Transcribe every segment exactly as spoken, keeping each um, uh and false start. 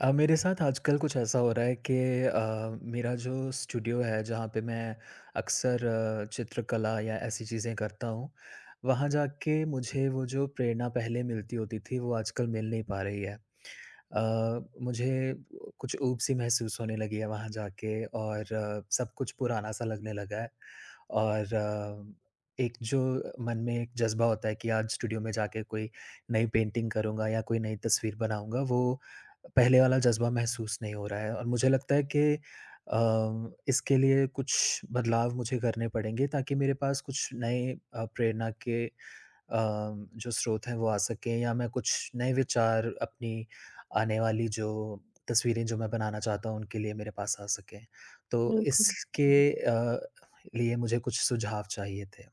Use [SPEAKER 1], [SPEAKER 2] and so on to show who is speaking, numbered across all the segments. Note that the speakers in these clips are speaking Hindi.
[SPEAKER 1] अ, मेरे साथ आजकल कुछ ऐसा हो रहा है कि अ, मेरा जो स्टूडियो है, जहाँ पे मैं अक्सर चित्रकला या ऐसी चीज़ें करता हूँ, वहाँ जाके मुझे वो जो प्रेरणा पहले मिलती होती थी, वो आजकल मिल नहीं पा रही है। अ, मुझे अ, कुछ ऊब-सी महसूस होने लगी है वहाँ जाके और सब कुछ पुराना-सा लगने लगा है। और एक जो मन में एक जज़्बा होता है कि आज स्टूडियो में जाके कोई नई पेंटिंग करूँगा या कोई नई तस्वीर बनाऊँगा, वो पहले वाला जज़्बा महसूस नहीं हो रहा है और मुझे लगता है कि अ, इसके लिए कुछ बदलाव मुझे करने पड़ेंगे, ताकि मेरे पास कुछ नए अ, प्रेरणा के अ, जो स्रोत हैं, वो आ सकें या मैं कुछ नए विचार अपनी आने वाली जो तस्वीरें जो मैं बनाना चाहता हूँ, उनके लिए मेरे पास आ सकें। तो
[SPEAKER 2] बिल्कुल।
[SPEAKER 1] इसके
[SPEAKER 2] उहुँ।
[SPEAKER 1] अ, लिए मुझे कुछ सुझाव चाहिए थे।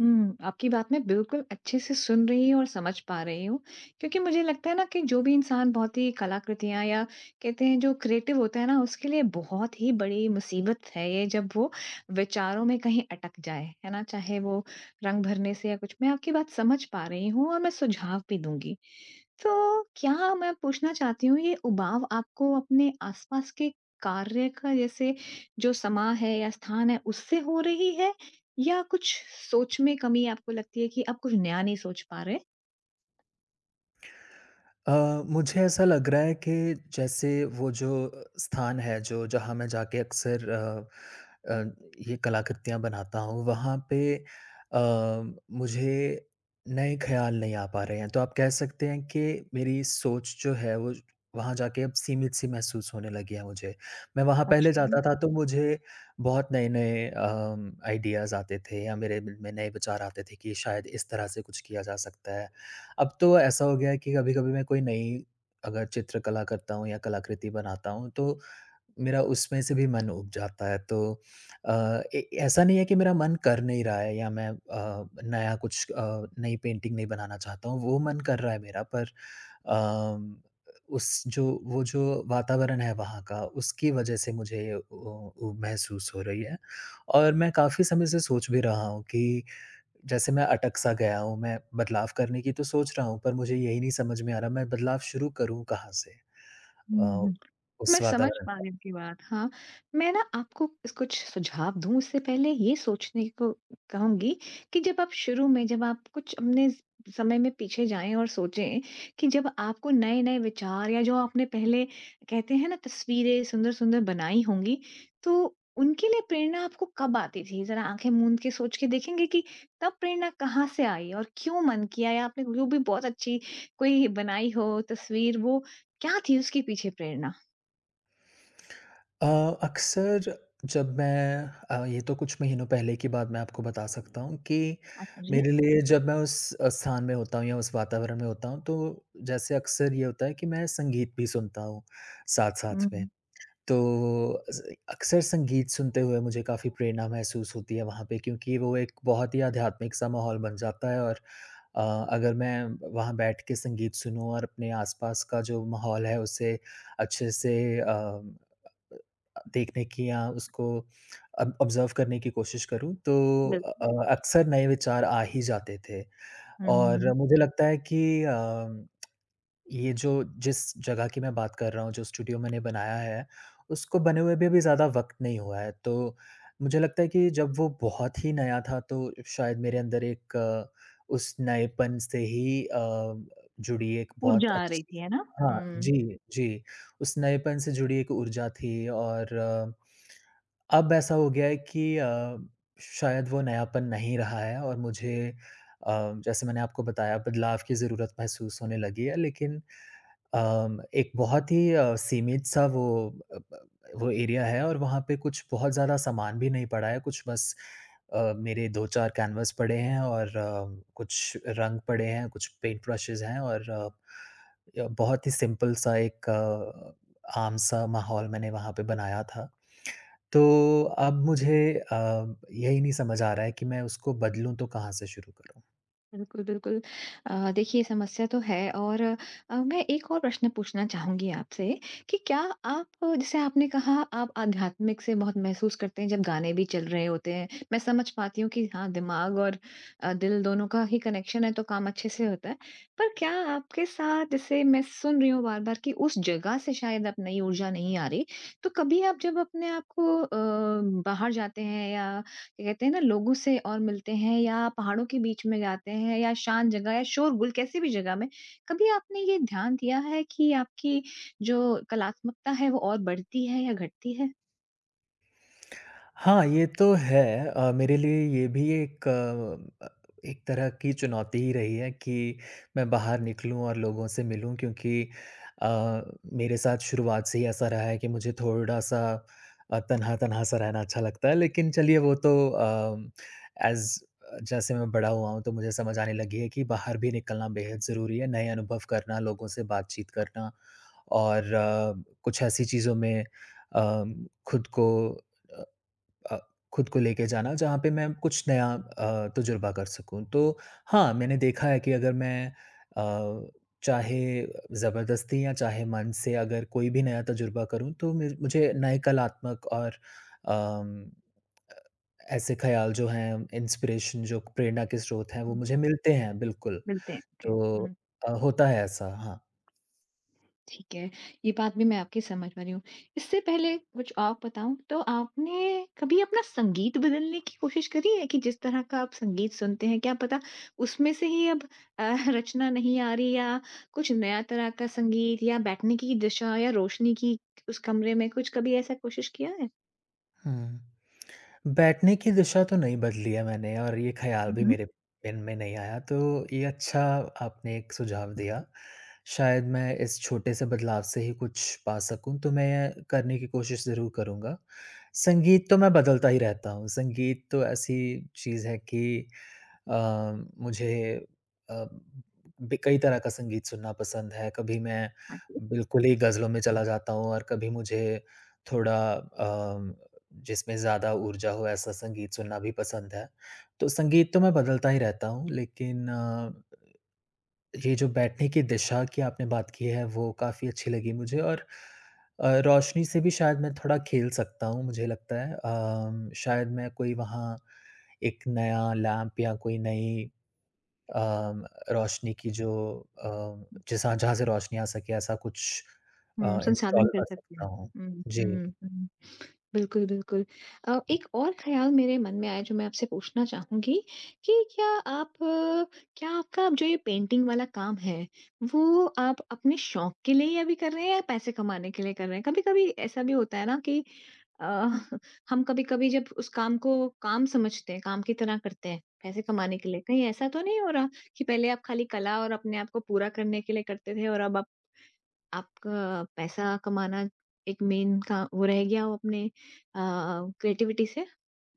[SPEAKER 2] हुँ, आपकी बात मैं बिल्कुल अच्छे से सुन रही हूँ और समझ पा रही हूँ, क्योंकि मुझे लगता है ना कि जो भी इंसान बहुत ही कलाकृतियाँ या कहते हैं, जो क्रिएटिव होता है ना, उसके लिए बहुत ही बड़ी मुसीबत है ये, जब वो विचारों में कहीं अटक जाए। है ना? चाहे वो रंग भरने से या कुछ। मैं आपकी बात समझ पा रही हूँ और मैं सुझाव भी दूँगी। तो क्या मैं पूछना चाहती हूँ, ये उबाऊ आपको अपने आसपास के कार्य का जैसे जो समाँ है या स्थान है, उससे हो रही है या कुछ सोच में कमी आपको लगती है कि आप कुछ नया नहीं सोच पा रहे हैं?
[SPEAKER 1] अ, मुझे ऐसा लग रहा है कि जैसे वो जो अ, स्थान है जो जहाँ मैं जाके अक्सर अ अ, ये कलाकृतियाँ बनाता हूँ, वहाँ पे अ, मुझे नए ख़याल नहीं आ पा रहे हैं, तो आप कह सकते हैं कि मेरी सोच जो है वो वहाँ जाके सीमित-सी महसूस होने लगी है मुझे। मैं वहाँ पहले
[SPEAKER 2] अच्छा।
[SPEAKER 1] जाता था तो मुझे बहुत नए-नए अ, आइडियाज़ आते थे या मेरे में नए विचार आते थे कि शायद इस तरह से कुछ किया जा सकता है। अब तो ऐसा हो गया है कि कभी-कभी मैं कोई नई अगर चित्रकला करता हूँ या कलाकृति बनाता हूँ, तो मेरा उसमें से भी मन उब जाता है, तो अ ए, ऐसा नहीं है कि मेरा मन कर नहीं रहा है या मैं अ, नया कुछ अ, नई पेंटिंग नहीं बनाना चाहता हूँ, वो मन कर रहा है मेरा पर अ, उस जो वो जो वातावरण है वहाँ का उसकी वजह से मुझे अ अ, महसूस हो रही है और मैं काफ़ी समय से सोच भी रहा हूँ कि जैसे मैं अटक-सा गया हूँ, मैं बदलाव करने की तो सोच रहा हूँ, पर मुझे यही नहीं समझ में आ रहा मैं बदलाव शुरू करूँ कहाँ से?
[SPEAKER 2] हुँ,
[SPEAKER 1] अ,
[SPEAKER 2] हुँ। मैं
[SPEAKER 1] उस
[SPEAKER 2] समझ
[SPEAKER 1] वातावरण
[SPEAKER 2] पा
[SPEAKER 1] का।
[SPEAKER 2] रही आपकी बात हाँ, मैं ना आपको कुछ सुझाव दूँ, उससे पहले ये सोचने को कहूँगी कि जब आप शुरू में जब आप कुछ अपने समय में पीछे जाएँ और सोचें कि जब आपको नए-नए विचार या जो आपने पहले कहते हैं ना तस्वीरें सुंदर-सुंदर बनाई होंगी, तो उनके लिए प्रेरणा आपको कब आती थी? जरा आँखें मूँद के सोच के देखेंगे कि तब प्रेरणा कहाँ से आई और क्यों मन किया या आपने जो भी बहुत अच्छी कोई बनाई हो तस्वीर वो क्या थी उसके पीछे प्रेरणा?
[SPEAKER 1] अ, अक्सर जब मैं अ, ये तो कुछ महीनों पहले की बात मैं आपको बता सकता हूँ कि
[SPEAKER 2] आत जी।
[SPEAKER 1] मेरे लिए जब मैं उस अ, स्थान में होता हूँ या उस वातावरण में होता हूँ, तो जैसे अक्सर ये होता है कि मैं संगीत भी सुनता हूँ साथ-साथ
[SPEAKER 2] हुँ,
[SPEAKER 1] में।
[SPEAKER 2] हुँ।
[SPEAKER 1] तो वो अस अ, अक्सर संगीत सुनते हुए मुझे काफ़ी प्रेरणा महसूस होती है वहाँ पे क्योंकि वो एक बहुत ही आध्यात्मिक-सा माहौल बन जाता है। और अ, अगर मैं वहाँ बैठ के संगीत सुनूँ और अपने आसपास का जो माहौल है, उसे अच्छे से अ, अ अ अ, देखने की या उसको अब ऑब्जर्व करने की कोशिश करूँ, तो अ
[SPEAKER 2] बिल्कुल।
[SPEAKER 1] अ अक्सर नए विचार आ ही जाते थे। और
[SPEAKER 2] हुँ।
[SPEAKER 1] मुझे लगता है कि अ, ये जो जिस जगह की मैं बात कर रहा हूँ, जो स्टूडियो मैंने बनाया है, उसको बने हुए भी अभी ज़्यादा वक़्त नहीं हुआ है। तो मुझे लगता है कि जब वो बहुत ही नया था, तो शायद मेरे अंदर एक उस नएपन से ही अ अ, जुड़ी एक बहुत
[SPEAKER 2] ऊर्जा आ रही
[SPEAKER 1] अच्छी
[SPEAKER 2] थी, है ना।
[SPEAKER 1] हाँ,
[SPEAKER 2] हुँ।
[SPEAKER 1] जी, जी, उस नएपन से जुड़ी एक ऊर्जा थी और, अब ऐसा हो गया है कि अ, शायद वो नयापन नहीं रहा है और मुझे अ, जैसे मैंने आपको बताया, बदलाव की ज़रूरत महसूस होने लगी है। लेकिन अ, एक बहुत ही अ, सीमित-सा वो अ, ब अ, वो एरिया है और वहाँ पे कुछ बहुत ज़्यादा सामान भी नहीं पड़ा है। कुछ बस अ, मेरे दो चार कैनवास पड़े हैं और अ, कुछ रंग पड़े हैं, कुछ पेंट ब्रशेस हैं और अ, य बहुत ही सिंपल-सा एक अ, आम-सा माहौल मैंने वहाँ पे बनाया था। तो अब मुझे अ, यही नहीं समझ आ रहा है कि मैं उसको बदलूँ, तो कहाँ से शुरू करूँ?
[SPEAKER 2] बिल्कुल, बिल्कुल। अ, देखिए ये समस्या तो है और अ, मैं एक और प्रश्न पूछना चाहूँगी आपसे, कि क्या आप जैसे आपने कहा आप आध्यात्मिक से बहुत महसूस करते हैं जब गाने भी चल रहे होते हैं। मैं समझ पाती हूँ कि हाँ, दिमाग और अ, दिल दोनों का ही कनेक्शन है तो काम अच्छे से होता है। पर क्या आपके साथ जैसे मैं सुन रही हूँ बार-बार कि उस जगह से शायद अब नई ऊर्जा नहीं आ रही, तो कभी आप जब अपने आप को अ, बाहर जाते हैं या क्या कहते हैं ना लोगों से और मिलते हैं या पहाड़ों के बीच में जाते हैं या शांत जगह या शोर-गुल कैसी भी जगह में, कभी आपने ये ध्यान दिया है कि आपकी जो कलात्मकता है, वो और बढ़ती है या घटती है?
[SPEAKER 1] हाँ, ये तो है। अ, मेरे लिए ये भी एक अ, एक तरह की चुनौती ही रही है कि मैं बाहर निकलूँ और लोगों से मिलूँ क्योंकि अ, मेरे साथ शुरुआत से ही ऐसा रहा है कि मुझे थोड़ा-सा अ, तन्हा-तन्हा सा रहना अच्छा लगता है। लेकिन चलिए, वो तो अम, एज़ अ, जैसे मैं बड़ा हुआ हूँ तो मुझे समझ आने लगी है कि बाहर भी निकलना बेहद ज़रूरी है। नए अनुभव करना, लोगों से बातचीत करना और कुछ ऐसी चीज़ों में अम, खुद को अ अ, खुद को लेके जाना जहाँ पे मैं कुछ नया अ, तजुर्बा कर सकूँ। तो हाँ, मैंने देखा है कि अगर मैं अ, चाहे ज़बरदस्ती या चाहे मन से अगर कोई भी नया तजुर्बा करूँ तो मेर मुझे नए कलात्मक और अम, अ, ऐसे ख्याल जो हैं, इंस्पिरेशन जो प्रेरणा के स्रोत हैं, वो
[SPEAKER 2] हुँ।
[SPEAKER 1] मुझे मिलते हैं बिल्कुल।
[SPEAKER 2] मिलते हैं, ओके,
[SPEAKER 1] तो
[SPEAKER 2] हुँ।
[SPEAKER 1] अ, होता है ऐसा हाँ।
[SPEAKER 2] ठीक है। ये बात भी मैं आपकी समझ पा रही हूँ। इससे पहले कुछ और बताऊँ, तो आपने कभी अपना संगीत बदलने की कोशिश करी है कि जिस तरह का आप संगीत सुनते हैं, क्या पता उसमें से ही अब अ, रचना नहीं आ रही या कुछ नया तरह का संगीत या बैठने की दिशा या रोशनी की उस कमरे में कुछ कभी ऐसा कोशिश किया है?
[SPEAKER 1] हुँ। बैठने की दिशा तो नहीं बदली है मैंने और ये ख़्याल
[SPEAKER 2] हुँ,
[SPEAKER 1] भी
[SPEAKER 2] हुँ।
[SPEAKER 1] मेरे मन में नहीं आया, तो ये अच्छा आपने एक सुझाव दिया। शायद मैं इस छोटे से बदलाव से ही कुछ पा सकूँ, तो मैं करने की कोशिश ज़रूर करूँगा। संगीत तो मैं बदलता ही रहता हूँ, संगीत तो ऐसी चीज़ है कि अ, मुझे अ, ब कई तरह का संगीत सुनना पसंद है, कभी मैं
[SPEAKER 2] हाँ, जी।
[SPEAKER 1] बिल्कुल ही गज़लों में चला जाता हूँ और कभी मुझे थोड़ा अ, जिसमें ज़्यादा ऊर्जा हो ऐसा संगीत सुनना भी पसंद है। तो संगीत तो मैं बदलता ही रहता हूँ, लेकिन अ, ये जो बैठने की दिशा की आपने बात की है, वो काफ़ी अच्छी लगी मुझे और अ, रोशनी से भी शायद मैं थोड़ा खेल सकता हूँ, मुझे लगता है। अ, म शायद मैं कोई वहाँ एक नया लैंप या कोई नई अ, रोशनी की जो अ, जैसा जहाँ से रोशनी आ सके ऐसा कुछ अ,
[SPEAKER 2] हुँ, संसाधन
[SPEAKER 1] इंस्टॉल
[SPEAKER 2] कर
[SPEAKER 1] कर
[SPEAKER 2] सकते
[SPEAKER 1] सकता
[SPEAKER 2] हैं।
[SPEAKER 1] हूँ।
[SPEAKER 2] हुँ,
[SPEAKER 1] जी।
[SPEAKER 2] हुँ, हुँ बिल्कुल, बिल्कुल। अ, एक और ख़्याल मेरे मन में आया, जो मैं आपसे पूछना चाहूँगी कि क्या आप क्या आपका जो ये पेंटिंग वाला काम है, वो आप अपने शौक के लिए ही अभी कर रहे हैं या पैसे कमाने के लिए कर रहे हैं? कभी-कभी ऐसा भी होता है ना कि अ, हम कभी-कभी जब उस काम को काम समझते हैं, काम की तरह करते हैं, पैसे कमाने के लिए कहीं ऐसा तो नहीं हो रहा कि पहले आप खाली कला और अपने आप को पूरा करने के लिए करते थे और अब आप आपका पैसा कमाना एक मेन का वो रह गया हो अपने अ, क्रिएटिविटी से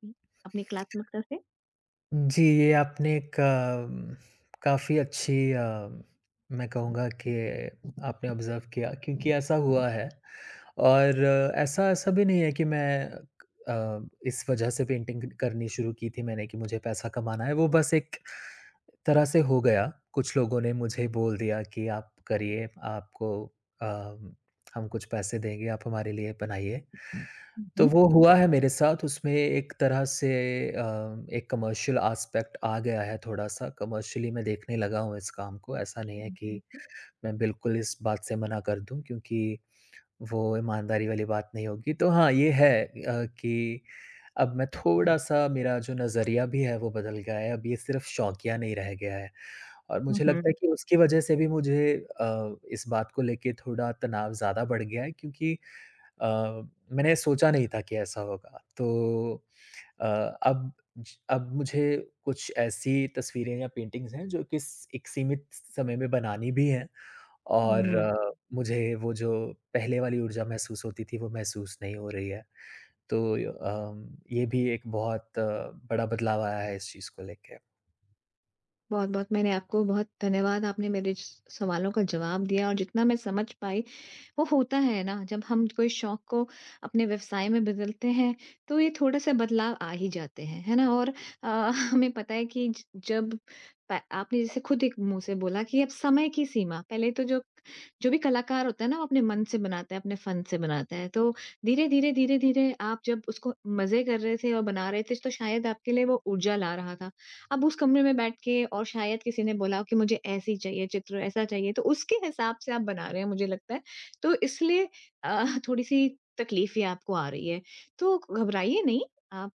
[SPEAKER 2] उ अपनी कलात्मकता से?
[SPEAKER 1] हुँ, जी ये आपने एक अम, काफ़ी अच्छी अ, मैं कहूँगा कि आपने ऑब्जर्व किया, क्योंकि ऐसा हुआ है। और ऐसा-ऐसा भी नहीं है कि मैं अ, इस वजह से पेंटिंग क करनी शुरू की थी मैंने कि मुझे पैसा कमाना है, वो बस एक तरह से हो गया। कुछ लोगों ने मुझे बोल दिया कि आप करिए आपको अ, हम कुछ पैसे देंगे आप हमारे लिए बनाइए।
[SPEAKER 2] हुँ,
[SPEAKER 1] तो
[SPEAKER 2] हुँ।
[SPEAKER 1] वो हुआ है मेरे साथ उसमें एक तरह से अ, एक कमर्शियल आस्पेक्ट आ गया है थोड़ा-सा कमर्शियली मैं देखने लगा हूँ, इस काम को ऐसा नहीं है कि
[SPEAKER 2] [unintelligible]
[SPEAKER 1] मैं बिल्कुल इस बात से मना कर दूँ, क्योंकि वो ईमानदारी वाली बात नहीं होगी। तो हाँ ये है अ, कि अब मैं थोड़ा-सा मेरा जो नजरिया भी है वो बदल गया है अब ये सिर्फ़ शौकिया नहीं रह गया है। और
[SPEAKER 2] हुँ,
[SPEAKER 1] मुझे लगता है
[SPEAKER 2] हुँ।
[SPEAKER 1] कि उसकी वज़ह से भी मुझे अ, इस बात को लेके थोड़ा तनाव ज़्यादा बढ़ गया है क्योंकि अ, मैंने सोचा नहीं था कि ऐसा होगा। तो अ, अब अब मुझे कुछ ऐसी तस्वीरें या पेंटिंग्स हैं जो कि स एक सीमित समय में बनानी भी है और
[SPEAKER 2] हुँ।
[SPEAKER 1] मुझे वो जो पहले वाली ऊर्जा महसूस होती थी, वो महसूस नहीं हो रही है। तो य अम, ये भी एक बहुत बड़ा बदलाव आया है इस चीज़ को लेके।
[SPEAKER 2] बहुत-बहुत मैंने आपको बहुत धन्यवाद आपने मेरे स सवालों का जवाब दिया और जितना मैं समझ पाई, वो होता है ना जब हम कोई शौक को अपने व्यवसाय में बदलते हैं तो ये थोड़ा-सा बदलाव आ ही जाते हैं। है ना और अ, हमें पता है कि ज जब प आपने जैसे खुद एक मुँह से बोला कि अब समय की सीमा, पहले तो जो जो भी कलाकार होता है ना, वो अपने मन से बनाता है, अपने फन से बनाता है। तो धीरे-धीरे, धीरे-धीरे आप जब उसको मज़े कर रहे थे और बना रहे थे, तो शायद आपके लिए वो ऊर्जा ला रहा था। अब उस कमरे में बैठ के और शायद किसी ने बोला कि मुझे ऐसी चाहिए चित्र, ऐसा चाहिए तो उसके हिसाब से आप बना रहे हैं, मुझे लगता है, तो इसलिए अ, थोड़ी-सी तकलीफें आपको आ रही हैं। तो घबराइए नहीं आप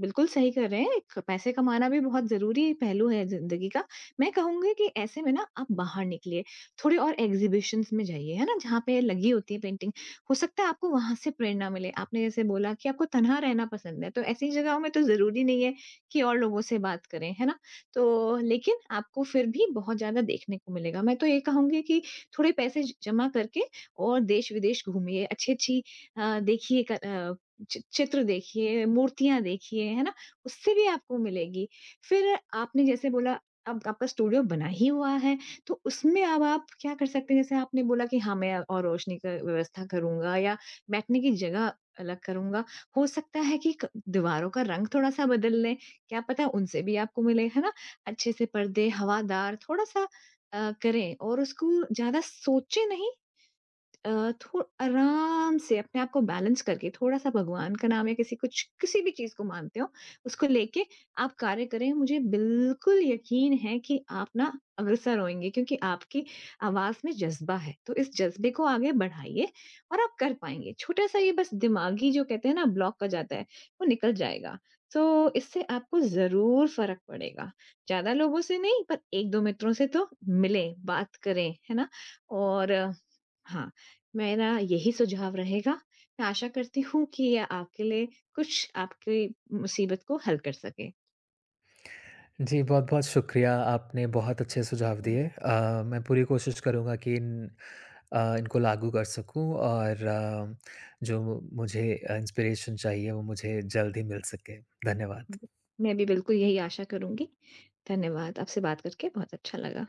[SPEAKER 2] बिल्कुल सही कह रहे हैं, पैसे कमाना भी बहुत ज़रूरी पहलू है ज़िन्दगी का, मैं कहूँगी कि ऐसे में ना आप बाहर निकलिए, थोडे और एक्ज़िबिशन्स में जाइए, है ना जहाँ पे लगी होती है पेंटिंग हो सकता है आपको वहाँ से प्रेरणा मिले। आपने जैसे बोला कि आपको तन्हा रहना पसंद है, तो ऐसी जगहों में तो ज़रूरी नहीं है कि और लोगों से बात करें, है ना? तो लेकिन आपको फिर भी बहुत ज़्यादा देखने को मिलेगा। मैं तो ये कहूँगी कि थोड़े पैसे ज जमा करके और देश-विदेश घूमिए अच्छी-अच्छी अ, देखिए क अ, चि चित्र देखिए, मूर्तियाँ देखिए, है ना उससे भी आपको मिलेगी। फिर आपने जैसे बोला, आप आपका स्टूडियो बना ही हुआ है, तो उसमें अब आप क्या कर सकते हैं, जैसे आपने बोला कि, "हाँ मैं और रोशनी का व्यवस्था करूँगा या बैठने की जगह अलग करूँगा।" हो सकता है कि क दीवारों का रंग थोड़ा-सा बदल लें। क्या पता उनसे भी आपको मिले है ना, अच्छे से पर्दे हवादार थोड़ा-सा अ, करें और उसको ज़्यादा सोचे नहीं। अ, थो आराम से अपने आप को बैलेंस करके, थोड़ा-सा भगवान का नाम या किसी कुछ किसी भी चीज़ को मानते हो, उसको लेके आप कार्य करें। मुझे बिल्कुल यकीन है कि आप ना अग्रसर होएँगे क्योंकि आपकी आवाज़ में जज़्बा है, तो इस जज़्बे को आगे बढ़ाइए और आप कर पाएँगे छोटा-सा ये बस दिमागी जो कहते हैं ना ब्लॉक हो जाता है, वो निकल जाएगा। तो इससे आपको ज़रूर फ़र्क पड़ेगा, ज़्यादा लोगों से नहीं पर एक-दो मित्रों से तो मिले बात करें, है ना? और हाँ, मेरा यही सुझाव रहेगा मैं आशा करती हूँ कि ये आपके लिए कुछ आपकी मुसीबत को हल कर सकें।
[SPEAKER 1] जी बहुत-बहुत शुक्रिया आपने बहुत अच्छे सुझाव दिए। अ, मैं पूरी कोशिश करूँगा कि इन अ, इनको लागू कर सकूँ और जो मुझे अ, इंस्पिरेशन चाहिए वो मुझे जल्द ही मिल सके। धन्यवाद।
[SPEAKER 2] मैं भी बिल्कुल यही आशा करुँगी। धन्यवाद आपसे बात करके बहुत अच्छा लगा।